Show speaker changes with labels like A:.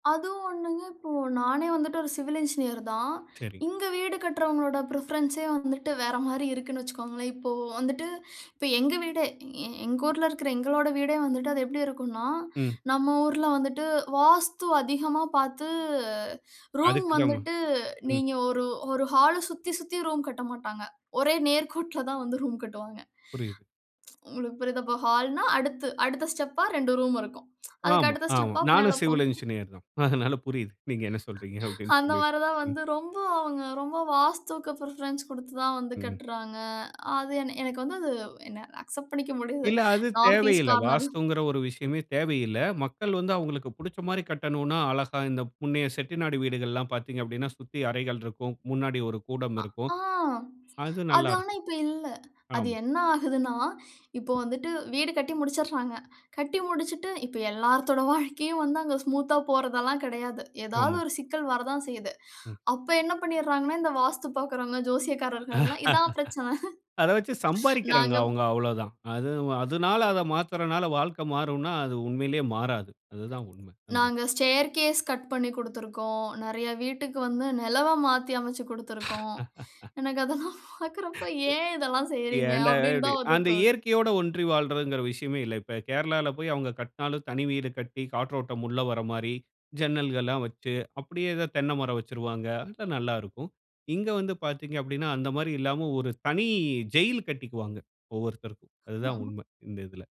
A: அதுவும் ஒண்ணுங்க, இப்போ, நானே வந்துட்டு ஒரு சிவில் இன்ஜினியர் தான்.
B: சரி.
A: இங்க வீடு கட்டுறவங்களோட ப்ரிஃபரன்ஸே வந்துட்டு, வேற மாரி இருக்குன்னு வச்சுக்கோங்களேன். இப்போ வந்துட்டு, இப்ப எங்க வீடே எ எங்க ஊர்ல இருக்கிற எங்களோட வீடே வந்துட்டு அது எப்படி இருக்கும்னா,
B: ம்.
A: நம்ம ஊர்ல வந்துட்டு வாஸ்து அதிகமா பாத்து, ரூம்
B: அதுக்கு தான்ம
A: வந்துட்டு
B: ம்.
A: நீங்க ஒரு ஒரு ஹால சுத்தி சுத்தி ரூம் கட்ட மாட்டாங்க. ஒரே நேர்கோட்டில் தான் வந்து ரூம் கட்டுவாங்க.
B: புரியுது.
A: உங்களுக்கு புரியுதா? இப்ப ஹால்ன்னா, அடுத்து அடுத்த ஸ்டெப்பா, 2 ரூம் இருக்கும். அதுக்கு
B: ஆமா,
A: அடுத்த
B: ஆமா.
A: ஸ்டெப்பா மேல
B: நானும் சிவில்
A: போகும்.
B: என்ஜினியர் தான். அதனால புரியுது. நீங்க என்ன சொல்றீங்க அப்படின்னு,
A: அந்த
B: சொல்லி.
A: மாரி தான்
B: அ.
A: வந்து ரொம்ப அவுங்க ரொம்ப வாஸ்துவுக்கு பிரிஃபரன்ஸ் குடுத்து தான் வந்து
B: ம். ம்.
A: கட்டுறாங்க. அது என எனக்கு வந்து அது வ் என்ன அக்செப்ட் பண்ணிக்க முடியாது.
B: இல்ல அது
A: நார்த் ஈஸ்ட்
B: தேவையில்ல.
A: கார்னர்ல
B: வாஸ்துங்குற ஒரு விஷயமே தேவையில்ல. மக்கள் வந்து அவுங்களுக்கு புடிச்ச மாரி கட்டனுன்னா, அழகா இந்த முன்னைய செட்டிநாடு வீடுகள்லாம் பாத்தீங்க அப்டின்னா,
A: ம்.
B: சுத்தி அறைகள் இருக்கும். முன்னாடி ஒரு கூடம்
A: ஆ.
B: இருக்கும்.
A: ஆ.
B: அது
A: அது
B: நல்லா
A: ஆனா
B: இருக்கும்.
A: இப்ப இல்ல. அது
B: ஆமா.
A: என்ன ஆகுதுன்னா, இப்போ வந்துட்டு வீடு கட்டி முடிச்சுர்றாங்க. கட்டி முடிச்சுட்டு இப்ப எல்லாத்தோட வாழ்க்கையும் வந்து அங்க ஸ்மூத்தா போறதெல்லாம் கெடையாது. ஏதாவது
B: ஆமா.
A: ஒரு சிக்கல் வரதான் செய்யுது.
B: ம்.
A: அப்ப என்ன பண்ணிர்றாங்கன்னா, இந்த வாஸ்து பாக்கிறவங்க, ஜோசியக்காரர்கள் எல்லாம், இதான் பிரச்சனை.
B: அத வச்சு சம்பாரிக்கிறாங்க.
A: நாங்க
B: அவுங்க அவ்ளோ தான். அது அவு அதுனால அத மாத்துறனால வாழ்க்க மாறும்ன்னா, அது உண்மையிலயே மாறாது. அது தான் உண்ம. அந்த எடத்
A: நாங்க ஸ்டேர்கேஸ் கட் பண்ணிக் குடுத்திருக்கோம். நிறைய வீட்டுக்கு வந்து நெலவை மாத்தி அமைச்சு கொடுத்திருக்கோம். எனக்கு அதெல்லாம் பாக்குறப்ப ஏன் இதெல்லாம் செய்றீங்க?
B: ஏன்டா
A: அப்டின்னு
B: இப்டி
A: தான் வந்து
B: அந்த
A: தோணும்.
B: இயற்கையோட ஒன்றி வாழ்றதுங்குற விஷயமே இல்ல. இப்ப கேரளால போயி அவுங்க கட்டினாலும், தனி வீடு கட்டி காற்றோட்டம் உள்ள வர மாரி ஜன்னல்கள்லாம் வச்சு, அப்படியே ஏதோ தென்னை மரம் வச்சிருவாங்க. அங்க நல்லாருக்கும். இங்க வந்து பாத்தீங்க அப்படின்னா, அந்த மாரி இல்லாம ஒரு தனி ஜெயிலு கட்டிக்குவாங்க. ஒவ்வொருத்தருக்கும். அதுதான்
A: ம்ஹம்.
B: உண்மை இந்த இதில.